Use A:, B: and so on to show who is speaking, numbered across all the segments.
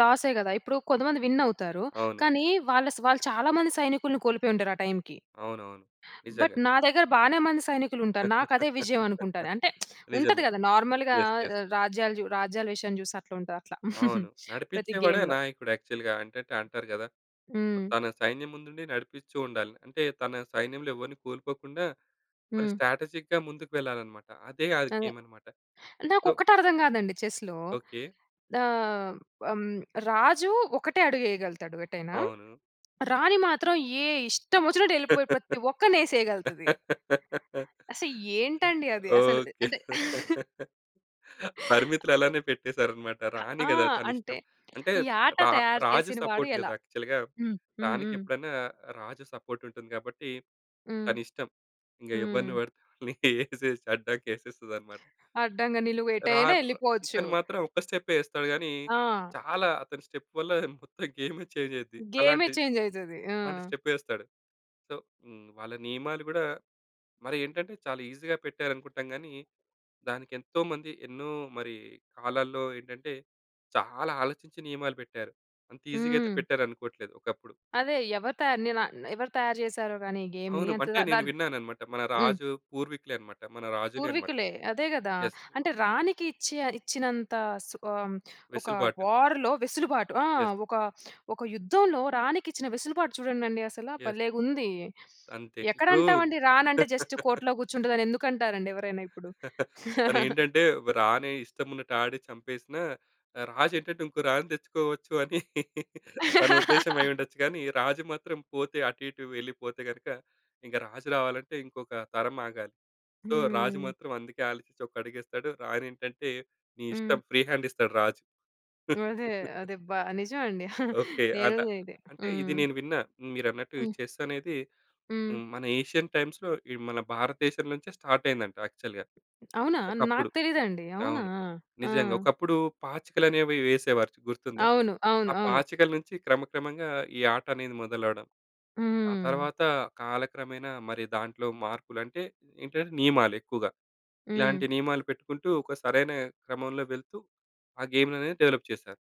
A: లాసే కదా! ఇప్పుడు కొంతమంది విన్ అవుతారు.
B: అవును.
A: కానీ వాళ్ళ వాళ్ళు చాలా మంది సైనికుల్ని కోల్పోయుంటారు ఆ టైమ్‌కి.
B: అవునవును.
A: బట్
B: నిజంగా.
A: నా దగ్గర బానే మంది సైనికులుంటారు. నాకు అదే విజయమనుకుంటాను. అంటే ఉంటది
B: నిజమే.
A: కదా నార్మల్‌గా
B: యెస్. యెస్.
A: రాజ్యాలు, రాజ్యాల విషయం చూసి అట్లా ఉంటది అట్లా
B: అవును.
A: ప్రతి
B: నడిపించేవాడే
A: గేమ్‌లో.
B: నాయకుడు యాక్చువల్‌గా, అంటే అంటారు కదా!
A: హ్మ్.
B: తన సైన్యం ముందుండి నడిపిచుండాలి. అంటే తన సైన్యంలో ఎవరిని కోల్పోకుండా, మరి
A: హ్మ్.
B: స్ట్రాటజిక్‌గా ముందుకు వెళ్లాలన్నమాట. అదే ఆ
A: అదే.
B: గేమ్ అన్నమాట.
A: నాకు
B: సో
A: ఒక్కటి అర్థం కాదండి చెస్‌లో.
B: ఓకే.
A: ఆహ్, హ్మ్. రాజు ఒకటే అడుగు ఎయగలుగుతాడు ఎటైనా.
B: అవును.
A: రాణి మాత్రం ఏ ఇష్టవొచ్చినట్టు ఎళ్ళిపోయి ప్రతి ఒక్కరిని ఏసేయగలుతది. అసలు ఏంటండి అది అసలు?
B: ఓకే.
A: అంటే
B: పరిమితులు అలానే పెట్టేసారన్నమాట.
A: ఆ!
B: రాణి
A: ఆ!
B: కదా
A: అంటే,
B: తనిష్టం. అంటే,
A: ఈ ఆట
B: రా
A: తయారు
B: రాజు
A: చేసిన వాడు
B: సపోర్ట్ కదా
A: ఎలా?
B: యాక్చువల్‌గా
A: హ్మ్. హ్మ్. హ్మ్.
B: రాణికెప్పుడైనా రాజు సపోర్ట్ ఉంటుంది కాబట్టి,
A: హ్మ్.
B: తనిష్టం. ఇంకా ఎవ్వరిని
A: హ్మ్.
B: పడితే వాళ్ళని ఏసేసి అడ్డంగా ఏసేస్తదన్నమాట.
A: అడ్డంగా, నిలువు
B: రా
A: ఎటైనా ఎళ్ళిపోవచ్చు!
B: ఇతను మాత్రం ఒక్క స్టెప్పే ఏస్తాడు కానీ,
A: ఆ!
B: చాలా అతని స్టెప్ వల్ల మొత్తం గేమే చేంజ్ అయిద్ది.
A: గేమే
B: అలాంటి,
A: చేంజ్ అయితది. ఆ!
B: అలాంటి స్టెపేస్తాడు. సో, హ్మ్, వాళ్ళ నియమాలు కూడా మరేంటంటే, చాలా ఈజీగా పెట్టారనుకుంటాం గాని, దానికేంతోమంది, ఎన్నో మరి కాలాల్లో ఏంటంటే, చాలా ఆలోచించి నియమాలు పెట్టారు. అంత ఈజీగా అయితే
A: హ్మ్.
B: పెట్టారనుకోవట్లేదు ఒకప్పుడు.
A: అదే. ఎవరు తయా నేన ఎవరు తయారు చేసారో గాని ఈ గేమ్‌ని
B: అవును. అంటే
A: ద
B: నేను
A: దాన్ని
B: విన్నానన్నమాట. మన
A: హ్మ్.
B: రాజు పూర్వీకులే అన్నమాట. మన రాజులే అనమాట.
A: పూర్వీకులే. అదే కదా!
B: యెస్
A: అంటే రాణికిచ్చె ఇచ్చినంత సు ఆహ్, ఒక
B: వెసులుబాటు.
A: వార్‌లో వెసులుబాటు ఆ!
B: యెస్.
A: ఒక ఒక యుద్ధంలో రాణికిచ్చిన వెసులుబాటు చూడండండి అసల
B: యెస్.
A: భలేగుంది!
B: అంతే. ఇప్పుడు
A: ఎక్కడంటామండి రాణంటే జస్ట్ కోటలో కూర్చుంటదని ఎందుకంటారండి ఎవరైనా ఇప్పుడు?
B: తనేంటంటే రాణే ఇష్టమున్నట్టు ఆడి చంపేసినా, ఆహ్, రాజు ఏంటంటే, ఇంకో రాణీ తెచ్చుకోవచ్చు అని తన ఉద్దేశ్యం అయ్యుండొచ్చు. కానీ రాజు మాత్రం పోతే, అటు ఇటు వెళ్లిపోతే గనుక, ఇంక రాజు రావాలంటే ఇంకొక తరం ఆగాలి. సో, రాజు
A: హ్మ్.
B: మాత్రం అందుకే ఆలోచించి ఒక అడుగేస్తాడు. రాణి ఏంటంటే, నీ ఇష్టం
A: హ్మ్.
B: ఫ్రీ హ్యాండ్ ఇస్తాడు రాజు.
A: అదే. అదే. అబ్బా! నిజం అండి
B: ఓకే. ఆట
A: నేనది అదే.
B: అంటే ఇది
A: హ్మ్.
B: నేను విన్న మీరన్నట్టు ఈ
A: హ్మ్.
B: చెస్ అనేది
A: హ్మ్.
B: హ్మ్. మన ఏషియన్ టైమ్స్‌లో ఇ మన భారతదేశం నుంచే స్టార్ట్ అయిందంట యాక్చువల్‌గా
A: అవునా?
B: ఒకప్పుడు.
A: నాకు తెలీదండి అవునా?
B: అవును.
A: ఆ!
B: నిజంగా ఒకప్పుడు పాచికలనేవి వేసేవారు గుర్తుందా?
A: అవును. అవును.
B: ఆ
A: అవును.
B: పాచికల నుంచి క్రమక్రమంగా ఈ ఆటనేది మొదలవడం. ఆ
A: హ్మ్.
B: తర్వాత కాలక్రమేణా మరి దాంట్లో మార్పులు అంటే, ఏంటంటే, నియమాలు ఎక్కువగా.
A: హ్మ్.
B: ఇలాంటి నియమాలు పెట్టుకుంటూ ఒక సరైన క్రమంలో వెళుతూ, ఆ గేమ్ అనేది డెవలప్ చేశారు.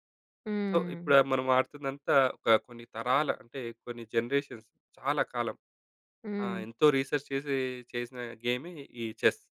B: సో, ఇప్పుడు
A: హ్మ్.
B: మనం ఆడుతుందంతా ఒక కొన్ని తరాల అంటే, కొన్ని జనరేషన్స్ చాలా కాలం ఆ!
A: హ్మ్.
B: ఎంతో రిసెర్చ్ చేసి, చేసిన గేమే ఈ చెస్.